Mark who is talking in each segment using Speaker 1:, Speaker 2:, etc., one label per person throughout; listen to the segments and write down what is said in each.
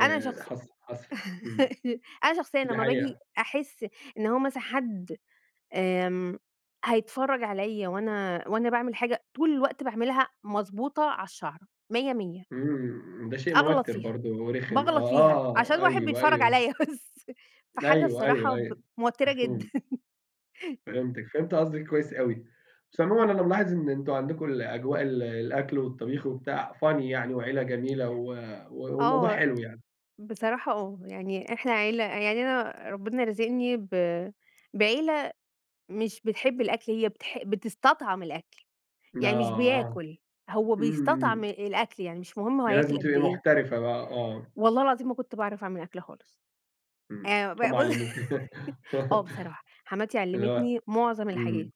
Speaker 1: أنا شخص
Speaker 2: حص حصل. امم.
Speaker 1: أنا شخصيًا
Speaker 2: دي
Speaker 1: لما باجي
Speaker 2: حقيقة.
Speaker 1: أحس إن هو مثلًا حد آمم هيتفرج عليّا وأنا، وأنا باعمل حاجة طول الوقت باعملها مضبوطة على الشعرة 100، 100
Speaker 2: امم، ده شيء
Speaker 1: أغلط
Speaker 2: موتر
Speaker 1: فيها،
Speaker 2: برضو ورخم. آه،
Speaker 1: باغلط فيها عشان
Speaker 2: آه،
Speaker 1: واحد
Speaker 2: أيوه،
Speaker 1: بيتفرج
Speaker 2: أيوه.
Speaker 1: عليّا بس فحاجة
Speaker 2: أيوه،
Speaker 1: الصراحة
Speaker 2: أيوه،
Speaker 1: ب
Speaker 2: أيوه.
Speaker 1: موترة جدًا.
Speaker 2: مفهوم. فهمتِك. فهمت قصدِك كويس أوي. بس عمومًا
Speaker 1: امم.
Speaker 2: أنا ملاحظ إن أنتم عندكم أجواء ال الأكل والطبيخ وبتاع funny يعني وعيلة جميلة و والموضوع
Speaker 1: آه
Speaker 2: حلو يعني.
Speaker 1: بصراحة آه، يعني إحنا عيلة يعني أنا ربنا رازقني ب بعيلة مش بتحب الأكل، هي بتح بتستطعم الأكل، يعني مش
Speaker 2: آه.
Speaker 1: بياكل، هو
Speaker 2: امم،
Speaker 1: بيستطعم
Speaker 2: امم.
Speaker 1: الأكل، يعني مش مهم هو
Speaker 2: دي
Speaker 1: هياكل
Speaker 2: لازم
Speaker 1: قد
Speaker 2: تبقي
Speaker 1: إيه.
Speaker 2: محترفة بقى، آه.
Speaker 1: والله العظيم ما كنت باعرف أعمل أكل خالص.
Speaker 2: امم.
Speaker 1: آآ ب
Speaker 2: هُم
Speaker 1: ب
Speaker 2: علموكِ
Speaker 1: آه بصراحة حماتي
Speaker 2: اللي هو
Speaker 1: علمتني معظم
Speaker 2: امم.
Speaker 1: الحاجات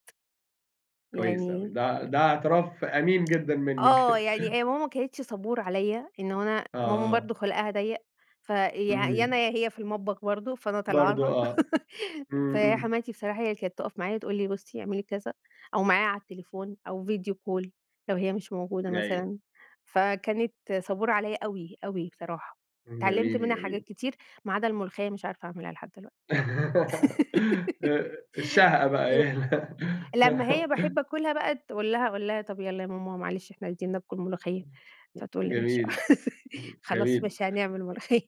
Speaker 2: كويس أوي.
Speaker 1: يعني
Speaker 2: ده ع ده اعتراف أمين جدًا منِك
Speaker 1: آه يعني هي ماما ما كانتش صبورة عليّا إن أنا
Speaker 2: آه،
Speaker 1: ماما برضو
Speaker 2: آه.
Speaker 1: خُلقها ضيق، ف يا، يا
Speaker 2: امم.
Speaker 1: أنا يا هي في المطبخ برضو، فأنا طالعة
Speaker 2: برضو
Speaker 1: لها
Speaker 2: آه. امم، امم.
Speaker 1: فحماتي بصراحة هي اللي كانت تقف معايا تقول لي: "بُصي اعملي كذا" أو معايا على التليفون أو video call لو هي مش موجودة
Speaker 2: أيوه.
Speaker 1: مثلًا. فكانت صبورة عليّا أوي، أوي بصراحة. اتعلمت
Speaker 2: جميل،
Speaker 1: منها حاجات
Speaker 2: جميل.
Speaker 1: كتير ما عدا الملوخية مش عارفة أعملها لحد دلوقتي
Speaker 2: آآ، الشهقة بقى
Speaker 1: ل
Speaker 2: هي ال
Speaker 1: لمّا هي باحب آكلها بقى أقول لها، أقول لها: "طب يالَّا يا ماما معلش إحنا عايزين ناكل ملوخية."
Speaker 2: امم،
Speaker 1: فتقول
Speaker 2: ج
Speaker 1: لي: "ماشي."
Speaker 2: جميل. امم
Speaker 1: خلاص
Speaker 2: جميل.
Speaker 1: ماشي هنعمل ملوخية.